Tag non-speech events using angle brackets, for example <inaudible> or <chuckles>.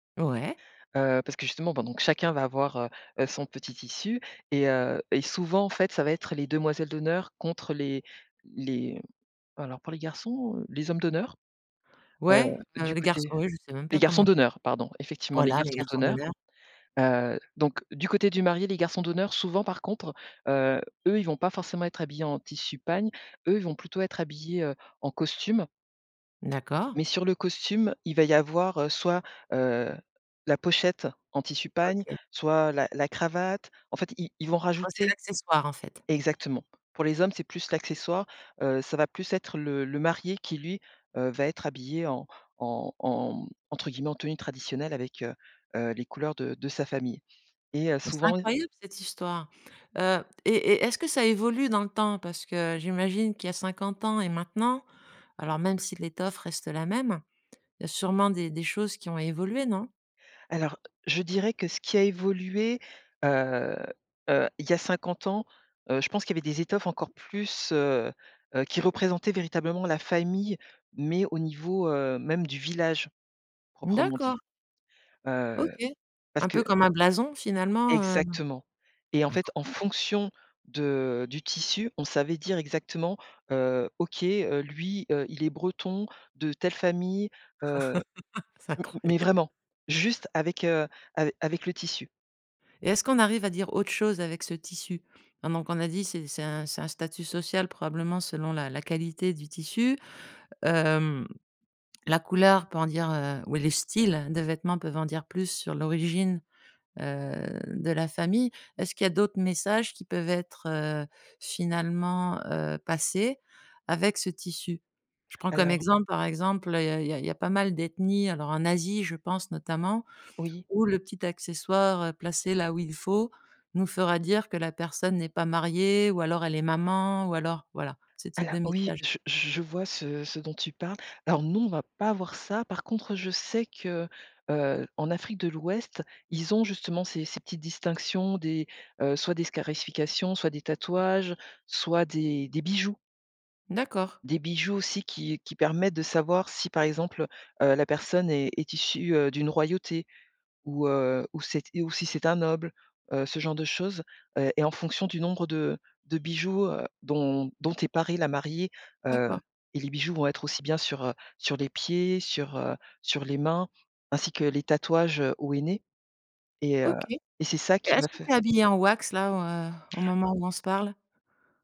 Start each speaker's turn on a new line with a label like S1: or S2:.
S1: Ouais.
S2: Heu, parce que justement pendant que chacun va avoir, heu heu, son petit tissu et heu, et souvent en fait ça va être les demoiselles d'honneur contre les les alors pour les garçons, heu, les hommes d'honneur? Heu,
S1: Ouais, heu,
S2: du
S1: les garçons,
S2: côté
S1: ouais je sais même
S2: les
S1: pas
S2: garçons
S1: comment?
S2: d'honneur pardon, effectivement les
S1: Voilà, les
S2: garçons
S1: garçons
S2: d'honneur,
S1: d'honneur.
S2: heu, donc du côté du marié les garçons d'honneur souvent par contre, heu, eux ils vont pas forcément être habillés en tissu pagne, eux ils vont plutôt être habillés, heu, en costume
S1: D'accord.
S2: mais sur le costume il va y avoir, heu, soit, heu, la pochette en tissu pagne,
S1: OK.
S2: soit la la cravate, en fait ils ils vont
S1: Oh c'est
S2: rajouter
S1: l'accessoire en fait.
S2: exactement. Pour les hommes c'est plus l'accessoire, heu, ça va plus être le le marié qui lui, heu, va être habillé en en en, mmh, entre guillemets en «tenue traditionnelle» avec, heu heu, les couleurs de de sa famille, et heu,
S1: Mais c'est
S2: souvent, heu
S1: incroyable cette histoire. Heu, et et est-ce que ça évolue dans le temps? Parce que j'imagine qu'il y a 50 ans et maintenant alors même si l'étoffe reste la même, il y a sûrement des des choses qui ont évolué, non?
S2: Alors je dirais que ce qui a évolué, heu heu, il y a 50 ans, heu, je pense qu'il y avait des étoffes encore plus, heu heu, qui représentaient véritablement la famille mais au niveau, heu, même du village proprement dit.
S1: D'accord.
S2: Heu,
S1: OK,
S2: parce
S1: un
S2: que
S1: peu comme un blason finalement, heu,
S2: Exactement, et en fait, en
S1: incroyable.
S2: fonction de du tissu, on savait dire exactement, heu: «OK, heu, lui, heu, il est breton, de telle famille, heu»
S1: <chuckles> C'est
S2: m mais
S1: incroyable.
S2: vraiment, juste avec, heu, ave avec le tissu.
S1: Et est-ce qu'on arrive à dire autre chose avec ce tissu? Hein, donc on a dit c'est c'est un c'est un statut social probablement selon la la qualité du tissu. Hem, la couleur peut en dire, heu, ou les styles de vêtements peuvent en dire plus sur l'origine, heu, de la famille. Est-ce qu'il y a d'autres messages qui peuvent être, heu, finalement, heu, passés avec ce tissu? Je prends comme
S2: Alors.
S1: exemple, par exemple, il y a il y a il y a pas mal d'ethnies, alors en Asie je pense notamment,
S2: Oui.
S1: où le petit accessoire, heu, placé là où il faut nous fera dire que la personne n'est pas mariée ou alors elle est maman ou alors voilà ce type
S2: Alors
S1: de
S2: oui
S1: message.
S2: je je je vois ce ce dont tu parles. Alors non, on va pas avoir ça. Par contre, je sais que, heu, en Afrique de l'Ouest, ils ont justement ces ces petites distinctions, des, heu, soit des scarifications, soit des tatouages, soit des des bijoux
S1: D'accord.
S2: des bijoux aussi qui qui permettent de savoir si par exemple, heu heu, la personne est est issue, heu, d'une royauté ou heu, ou cet et ou si c'est un noble, heu, ce genre de choses, heu, et en fonction du nombre de de bijoux, heu, dont dont est parée la mariée, heu,
S1: D'accord.
S2: et les bijoux vont être aussi bien sur, heu, sur les pieds, sur, heu, sur les mains, ainsi que les tatouages au henné, et heu,
S1: OK, et
S2: et c'est ça qui va
S1: est-ce que tu es
S2: faire
S1: habillé en wax là, heu, au moment où on se parle?